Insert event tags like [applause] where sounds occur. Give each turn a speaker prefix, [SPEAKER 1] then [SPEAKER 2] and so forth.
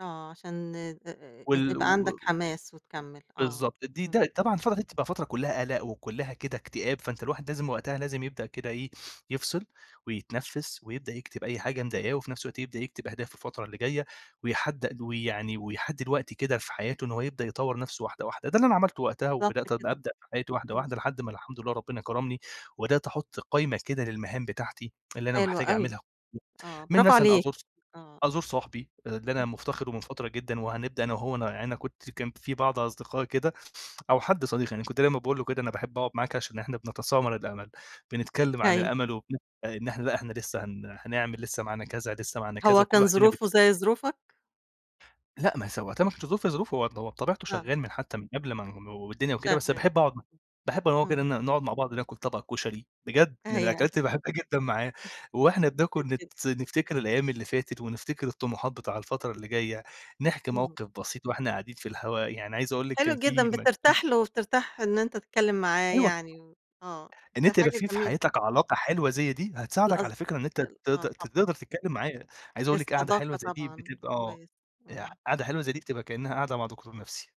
[SPEAKER 1] آه، عشان آآ
[SPEAKER 2] وال و
[SPEAKER 1] يبقى عندك حماس وتكمّل. آه.
[SPEAKER 2] بالضبط، دي
[SPEAKER 1] إمم.
[SPEAKER 2] ده طبعًا الفترة بتبقى فترة كلّها قلَق وكلّها كده إكتئاب، فأنت الواحد لازم وقتها، لازم يبدأ كده إيه يفصِل ويتنفِّس ويبدأ يكتِب أي حاجة مضايقاه وفي نفْس الوقت يبدأ يكتب أهدافه الفترة اللي جاية ويحدّ ويعني، ويحدّد الوقت كده في حياته إن هو يبدأ يطوّر نفْسه واحدة، واحدة، ده اللي أنا عملته وقتها
[SPEAKER 1] بالضبط
[SPEAKER 2] وبدأت
[SPEAKER 1] كده،
[SPEAKER 2] أبدأ في حياتي واحدة،
[SPEAKER 1] إمم.
[SPEAKER 2] واحدة، لحد ما الحمد لله ربنا كرَمني وبدأت أحُط قايمة كده للمهام بتاعتي اللي أنا
[SPEAKER 1] حلوة
[SPEAKER 2] محتاج
[SPEAKER 1] أوي.
[SPEAKER 2] أعملها
[SPEAKER 1] آه،
[SPEAKER 2] [unintelligible] منها مثلًا
[SPEAKER 1] برافوعليك.
[SPEAKER 2] أزور ص
[SPEAKER 1] آه.
[SPEAKER 2] أزور صاحبي اللي أنا
[SPEAKER 1] إمم.
[SPEAKER 2] مفتقِده من فترة جدًا، وهنبدأ أنا وهو ن أنا كنت كان في بعض أصدقاء كده، أو حد صديق يعني كنت دايمًا باقول له كده، أنا باحب أقعُد معاك عشان إحنا بنتسامر الأمل، بنتكلّم عن
[SPEAKER 1] أيوه.
[SPEAKER 2] الأمل وبن إن إحنا لأ، إحنا لسه هن هنعمل لسه معانا كذا، لسه معانا كذا،
[SPEAKER 1] هو
[SPEAKER 2] وكل
[SPEAKER 1] كان
[SPEAKER 2] واحد فين بي
[SPEAKER 1] ظروفه زي ظروفك؟
[SPEAKER 2] لأ ما هي س وقتها ما كانش ظروف ظروفه هو بطبيعته
[SPEAKER 1] آه.
[SPEAKER 2] شغّال من حتى من قبل ما ن والدنيا وكده، بس
[SPEAKER 1] شغّال.
[SPEAKER 2] باحب أقعُد مع باحب أنا وهو كده
[SPEAKER 1] إمم.
[SPEAKER 2] نقعُد مع بعض ناكل طبَق كُشري، بجد، من
[SPEAKER 1] أيوه.
[SPEAKER 2] الأكلات اللي باحبها جدًا معاه،
[SPEAKER 1] [chuckles]
[SPEAKER 2] وإحنا بناكل نت
[SPEAKER 1] [unintelligible]
[SPEAKER 2] نفتكر الأيام اللي فاتت ونفتكر الطموحات بتاع الفترة اللي جاية، نحكي
[SPEAKER 1] اهم.
[SPEAKER 2] موقِف بسيط وإحنا قاعدين في الهوا، يعني عايز أقول لِك
[SPEAKER 1] حلو
[SPEAKER 2] كان في
[SPEAKER 1] جدًا،
[SPEAKER 2] م [unintelligible]
[SPEAKER 1] بترتاح له وبترتاح إن أنت تتكلّم معاه
[SPEAKER 2] أيوه طبعًا،
[SPEAKER 1] يعني. آه،
[SPEAKER 2] إن
[SPEAKER 1] ده
[SPEAKER 2] أنت يبقى
[SPEAKER 1] حاجة
[SPEAKER 2] في في
[SPEAKER 1] جميلة.
[SPEAKER 2] حياتك علاقة حلوة زي دي هتساعدك
[SPEAKER 1] الأصد
[SPEAKER 2] على فكرة إن أنت ت ت
[SPEAKER 1] آه
[SPEAKER 2] تقدَر
[SPEAKER 1] طبعًا.
[SPEAKER 2] تتكلّم معاه. عايز أقول لِك قعدة حلوة
[SPEAKER 1] الصداقة
[SPEAKER 2] زي دي
[SPEAKER 1] طبعًا.
[SPEAKER 2] بتبقى
[SPEAKER 1] كويس.
[SPEAKER 2] أ
[SPEAKER 1] إمم.
[SPEAKER 2] قعدة حلوة زي دي بتبقى كأنها قعدة مع دكتور نفْسي.